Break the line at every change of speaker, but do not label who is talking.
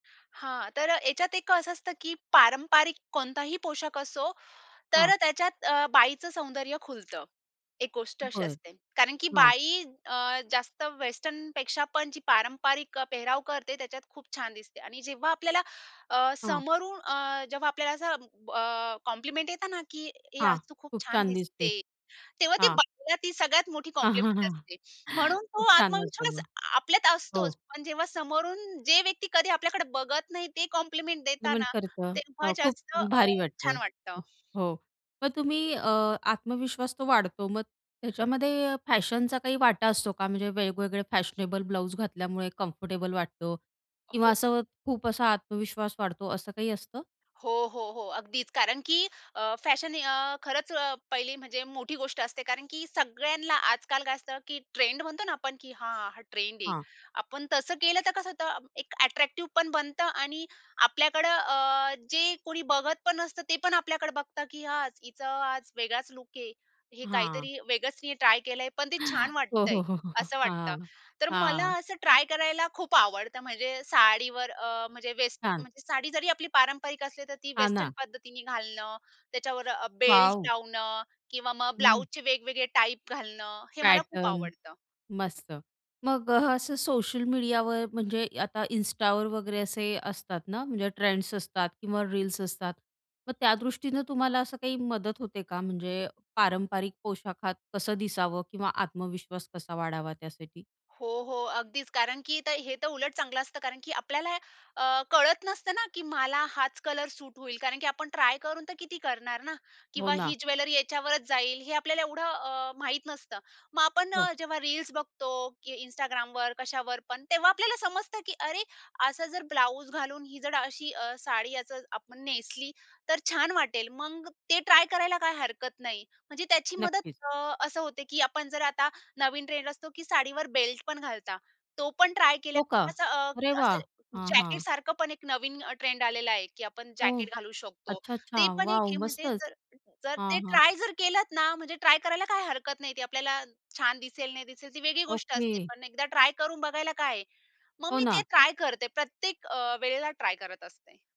हां, तर अ, ह्याच्यात एक असं असतं की पारंपारिक कोणताही पोशाख असो,
हां.
तर त्याच्यात अ, बाईचं सौंदर्य खुलतं. एक गोष्ट अशी
बरं,
असते. कारण की
हां.
बाई अ, जास्त वेस्टर्नपेक्षा पण जी पारंपरिक अ, पेहराव करते, त्याच्यात खूप छान दिसते आणि जेव्हा आपल्याला अ,
हां.
समोरून अ, जेव्हा आपल्याला असं ब अ, कॉम्प्लिमेंट येत ना की, "ए
हां,
आज तू खूप
खूप
छान
छान दिसते,
दिसते." तेव्हा ती
हां.
बाईला ती सगळ्यात मोठी कॉम्प्लिमेंट असते. म्हणून तो
खूप छान वाटतं
आत्मविश्वास
मग.
आपल्यात
हो.
असतोच. पण जेव्हा समोरून जे व्यक्ती कधी आपल्याकडे बघत नाही. ते कॉम्प्लिमेंट देतात
कॉम्प्लिमेंट
ना,
करतं,
तेव्हा
हां, खूप
जास्त अ,
भारी
छान
वाटतं.
वाटतं.
हो, मग तुम्ही अ, आत्मविश्वास तो वाढतो. मग त्याच्यामध्ये अ, फॅशनचा काही वाटा असतो का? म्हणजे वेगवेगळे फॅशनेबल ब्लाउज घातल्यामुळे कम्फर्टेबल वाटतो किंवा
हो.
असं खूप असा आत्मविश्वास वाढतो, असं काही असतं?
हो, हो, हो, अगदीच कारण की अ, फॅशन अ, खरंच अ, पहिली म्हणजे मोठी गोष्ट असते कारण की सगळ्यांना आजकाल काय असतं की ट्रेंड म्हणतो ना आपण, की हां, हा ट्रेंड आहे.
हां.
आपण तसं केलं तर कसं होतं एक अ‍ॅट्रॅक्टिव्ह पण बनतं आणि आपल्याकडं अ, जे कोणी बघत पण नसतं. ते पण आपल्याकडे बघतं की, "आज हिचं आज वेगळाच लूक आहे. हे
हां.
काहीतरी वेगळंच तिने ट्राय केलं आहे. पण ते छान
हो,
वाटतंय"
हो, हो, हो, हो,
असं वाटतं.
हां,
तर मला
हां.
असं ट्राय करायला खूप आवडतं. म्हणजे साडीवर अ, म्हणजे वेस्ट
छान.
म्हणजे साडी जरी आपली पारंपरिक असली तर ती
हा
वेस्टर्न
ना.
पद्धतीने घालणं. त्याच्यावर अ, बेल्ट
वाव!
लावणं किंवा मग
हं.
ब्लाउजचे वेगवेगळे टाइप घालणं, हे मला खूप
पॅटर्न
आवडतं.
मस्त. मग अ, असं सोशल मीडियावर म्हणजे आता Instaवर वगैरे असे असतात ना, म्हणजे ट्रेंड्स असतात किंवा रील्स असतात. मग त्यादृष्टीनं तुम्हाला असं काही मदत होते का म्हणजे पारंपरिक पोशाखात कसं दिसावं किंवा आत्मविश्वास कसा वाढावा त्यासाठी?
हो, हो. अगदीच कारण की तर हे तर उलट चांगलं असतं. कारण की आपल्याला अ, कळत नसतं ना, की मला हाच कलर सूट होईल. कारण की आपण ट्राय करून तर किती करणार ना?
हो
किंवा
ना.
ही ज्वेलरी याच्यावरच जाईल. हे आपल्याला एवढं अ, माहीत नसतं. मग आपण
हो.
अ, जेव्हा रील्स बघतो की Instagramवर, कशावर पण. तेव्हा आपल्याला समजतं की अरे असा जर ब्लाउज घालून ही जर अशी अ, साडी याचं आपण नेसली, तर छान वाटेल. मग ते ट्राय करायला काही हरकत नाही. म्हणजे त्याची मदत
नक्कीच.
अ, असं होते की आपण जर आता नवीन ट्रेंड असतो की साडीवर बेल्ट पण घालता. तो पण ट्राय केल्या
हो का?
असं
अरे
असं
वाह! हां,
जॅकेट
हां.
सारखं पण एक नवीन अ, ट्रेंड आलेला आहे की आपण
हो,
जॅकेट घालू शकतो.
अच्छा,
ते
अच्छा.
पण एक
वाव!
आहे. म्हणजे
मस्तच.
जर जर
हां,
ते
हां.
ट्राय जर केलत ना? म्हणजे ट्राय करायला काही हरकत नाही. ती आपल्याला छान दिसेल, नाही दिसेल ती वेगळी गोष्ट असते.
ओके.
पण एकदा ट्राय करून बघायला काय आहे? मग
हो
मी ते
ना.
ट्राय करते प्रत्येक अ, वेळेला ट्राय करत असते.